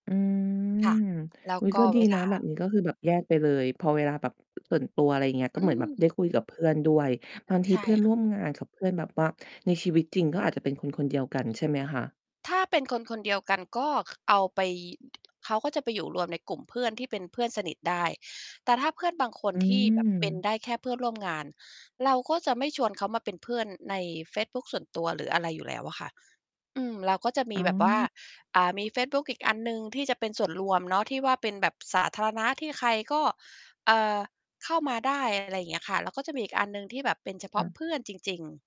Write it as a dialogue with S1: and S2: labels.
S1: อื
S2: ค่ะ
S1: ม
S2: แล้ว
S1: อุ๊ย
S2: ก
S1: ก
S2: ็
S1: ็ดี
S2: เว
S1: น
S2: ล
S1: ะ
S2: า
S1: แบบนี้ก็คือแบบแยกไปเลย พอเวลาแบบ ตื่นตัว อะไรเงี้ย ก็
S2: อ
S1: เ
S2: ื
S1: หมือนแบบ
S2: ม
S1: ได้คุยกับเพื่อนด้วย บางท
S2: ใ
S1: ี
S2: ช่
S1: เพื่อน
S2: ค
S1: ร
S2: ่ะ
S1: ่วมงานกับเพื่อนแบบว่าในชีวิตจริงก็อาจจะเป็นคนคนเดียวกันใช่ไหมคะ?
S2: ถ้าเป็นคนคนเดียวกันก็ ค เอาไป อ เขาก็จะไปอยู่รวมในกลุ่มเพื่อนที่เป็นเพื่อนสนิทได้ แต่ถ้าเพื่อนบางคน
S1: อื
S2: ที่ แบบ เป็น
S1: ม
S2: ได้แค่เพื่อนร่วม งาน เราก็จะไม่ชวนเขามาเป็นเพื่อนในเฟซบุ๊กส่วนตัว หรืออะไรอยู่แล้วอะค่ะ อืม เราก็จะม
S1: อ๋
S2: ีแบบว่า
S1: อ
S2: อ่า มีเฟซบุ๊กอีกอันหนึ่งที่จะเป็นส่วนรวมเนาะ ที่ว่าเป็นแบบสาธารณะ ที่ใครก็ เอ่อ เข้ามาได้ อะไร อย่างเงี้ยค่ะ แล้วก็จะมีอีกอันหนึ่งที่แบบเป็นเฉพ
S1: ค
S2: า
S1: ่
S2: ะ
S1: ะ
S2: เพื่อนจริง ๆ